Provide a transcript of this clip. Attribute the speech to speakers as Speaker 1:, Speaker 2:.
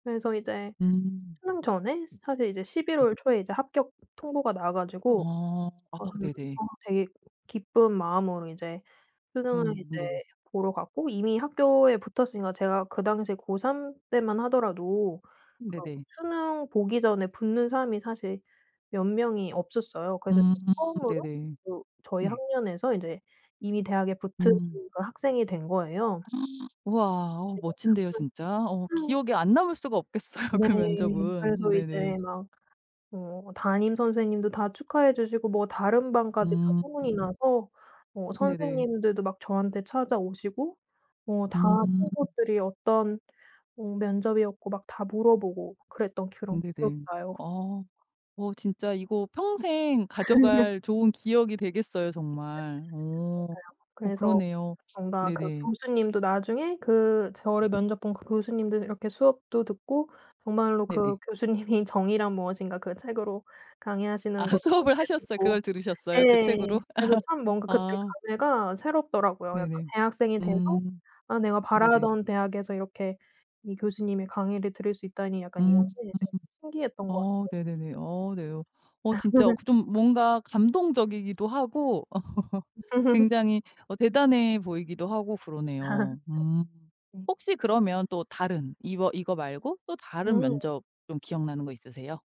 Speaker 1: 그래서 이제
Speaker 2: 음.
Speaker 1: 수능 전에 사실 이제 12
Speaker 2: 네.
Speaker 1: 월 초에 이제 합격 통보가 나와 가지고
Speaker 2: 어. 아
Speaker 1: 아
Speaker 2: 네네.
Speaker 1: 어 되게 기쁜 마음으로 이제 수능을
Speaker 2: 음
Speaker 1: 이제
Speaker 2: 네.
Speaker 1: 보러 갔고 이미 학교에 붙었으니까 제가 그 당시에 고3 때만 하더라도 그
Speaker 2: 네네.
Speaker 1: 수능 보기 전에 붙는 사람이 사실 몇 명이 없었어요. 그래서
Speaker 2: 음.
Speaker 1: 제가 처음으로
Speaker 2: 네네.
Speaker 1: 그 저희
Speaker 2: 네.
Speaker 1: 학년에서 이제 이미 대학에 붙은
Speaker 2: 음.
Speaker 1: 그 학생이 된 거예요.
Speaker 2: 와. 어
Speaker 1: 네.
Speaker 2: 멋진데요 진짜. 어 기억에 안 남을 수가 없겠어요,
Speaker 1: 네.
Speaker 2: 그 면접은.
Speaker 1: 그래서
Speaker 2: 네네.
Speaker 1: 이제 막 어 담임 선생님도 다 축하해 주시고 뭐 다른 반까지 다
Speaker 2: 음.
Speaker 1: 소문이 나서 어
Speaker 2: 네네.
Speaker 1: 선생님들도 막 저한테 찾아오시고 뭐 다
Speaker 2: 음.
Speaker 1: 친구들이 어떤 뭐 면접이었고 막 다 물어보고 그랬던 그런 기억이
Speaker 2: 네네.
Speaker 1: 나요.
Speaker 2: 어. 어. 진짜 이거 평생 가져갈 좋은 기억이 되겠어요,
Speaker 1: 네
Speaker 2: 정말. 어.
Speaker 1: 맞아요.
Speaker 2: 어
Speaker 1: 그래서
Speaker 2: 그러네요.
Speaker 1: 뭔가 그
Speaker 2: 네네.
Speaker 1: 교수님도 나중에 그 저를 면접 본 그 교수님들 이렇게 수업도 듣고 정말로
Speaker 2: 네네.
Speaker 1: 그 교수님이 정의란 무엇인가 그 책으로 강의하시는
Speaker 2: 아
Speaker 1: 것도
Speaker 2: 수업을
Speaker 1: 이제
Speaker 2: 하셨어요?
Speaker 1: 듣고
Speaker 2: 그걸 들으셨어요, 그
Speaker 1: 예.
Speaker 2: 책으로?
Speaker 1: 그래서 참 뭔가 그때
Speaker 2: 아.
Speaker 1: 감회가 새롭더라고요. 약간
Speaker 2: 네네.
Speaker 1: 대학생이 돼서
Speaker 2: 음.
Speaker 1: 아 내가
Speaker 2: 네네.
Speaker 1: 바라던 대학에서 이렇게 이 교수님의 강의를 들을 수 있다니 약간 이런
Speaker 2: 음.
Speaker 1: 게 되게 신기했던 것
Speaker 2: 어
Speaker 1: 같아요.
Speaker 2: 네네네. 어 네. 어 진짜 그 좀 뭔가 감동적이기도 하고 굉장히 어 대단해 보이기도 하고 그러네요. 음.
Speaker 1: 네.
Speaker 2: 혹시 그러면 또 다른 이워 이거 말고 또 다른
Speaker 1: 음.
Speaker 2: 면접 좀 기억나는 거 있으세요?